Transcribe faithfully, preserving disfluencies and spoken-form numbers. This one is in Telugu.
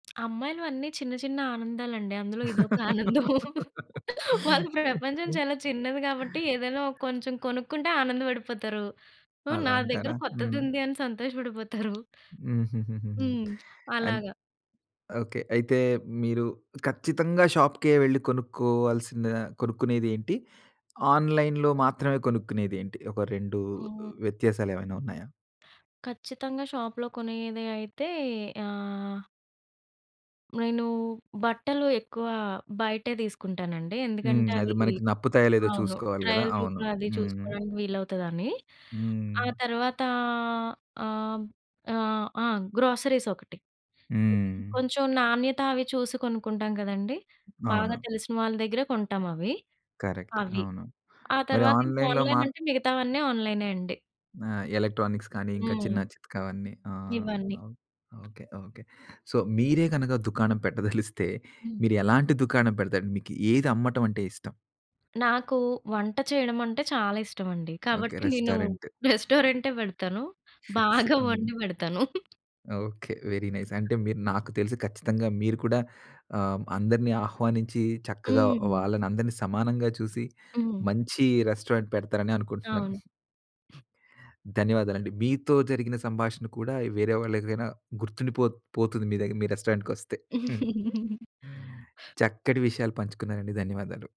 అమ్మాయిలు అన్నీ చిన్న చిన్న ఆనందాలండి. అందులో ఇదొక ఆనందం. వాళ్ళ ప్రపంచం చాలా చిన్నది గాబట్టి ఏదన్నా ఓ కొంచెం కొనుక్కుంటే ఆనందపడిపోతారు. హ్మ్. అలా నా దగ్గర అంటారా. కొత్తది హ్మ్. ఉంది అని సంతోషపడిపోతారు. హుహుహుహు. హ్మ్. అన్ అలాగా. ఓకే. అయితే మీరు ఖచ్చితంగా షాప్‌కే వెళ్లి కొనుక్కోవాల్సిన కొనుక్కునేదేంటి? ఆన్‌లైన్‌లో మాత్రమే కొనుక్కునేదేంటి? ఒక రెండు హ్మ్. వ్యత్యాసాలేవైనా ఉన్నాయా? ఖచ్చితంగా షాప్‌లో కొనేదే అయితే ఆహ్, నేను బట్టలు ఎక్కువ బయటే తీసుకుంటానండి. హ్మ్. ఎందుకంటే అది అవి మనకి నప్పుతాయో లేదో అవును. చూసుకోవాలి గదా ట్రయల్ అవును. రూమ్ అది హ్మ్. చూసుకోడానికి వీలవుతదని. హ్మ్. ఆ తర్వాత ఆహ్, ఆహ్, ఆ! గ్రోసరీస్ ఒకటి. ఇది హ్మ్. కొంచెం నాణ్యత అవి చూసి కొనుక్కుంటాం గదండీ. బాగా అవును. తెలిసిన వాళ్ళ దగ్గరే కొంటాం అవి. కరెక్ట్. అవి. అవును. ఆ మరి తర్వాత ఇంక ఆన్‌లైన్‌లో ఆన్‌లైన్ మాత్ అంటే మిగతావన్నీ ఆన్‌లైనే అండి. నా ఎలక్ట్రానిక్స్ కాని ఇంకా చిన్న హ్మ్. చిత్కా అవన్నీ. ఆ! ఇవన్నీ. నవు ఓకే. ఓకే. సో, మీరే గనక దుకాణం పెట్టదలిస్తే, హ్మ్. మీరు ఎలాంటి దుకాణం పెడతారు? మీకు ఏది అమ్మటం అంటే ఇష్టం? నాకు వంట చేయడం అంటే చాలా ఇష్టం అండి. ఓకే. కాబట్టి నేను రెస్టారెంట్. రెస్టారెంటే పెడతాను. ఫిక్స్. బాగా హ్మ్. వండి పెడతాను. ఓకే. Very nice. అంటే మీరు నాకు తెలిసి ఖచ్చితంగా మీరు కూడా ఆహ్, అందరిని ఆహ్వానించి, చక్కగా హుహు. వాళ్ళని అందరినీ సమానంగా చూసి, హ్మ్. మంచి రెస్టారెంట్ పెడతారని అనుకుంటున్నాను. అవును. ధన్యవాదాలండి. మీతో జరిగిన సంభాషణ కూడా వేరే వాళ్ళడిగినా గుర్తుండిపో పోతుంది. మీ దగ్గర మీ రెస్టారెంట్ కొస్తే. హ్మ్. చక్కటి విషయాలు పంచుకున్నారండి. ధన్యవాదాలు.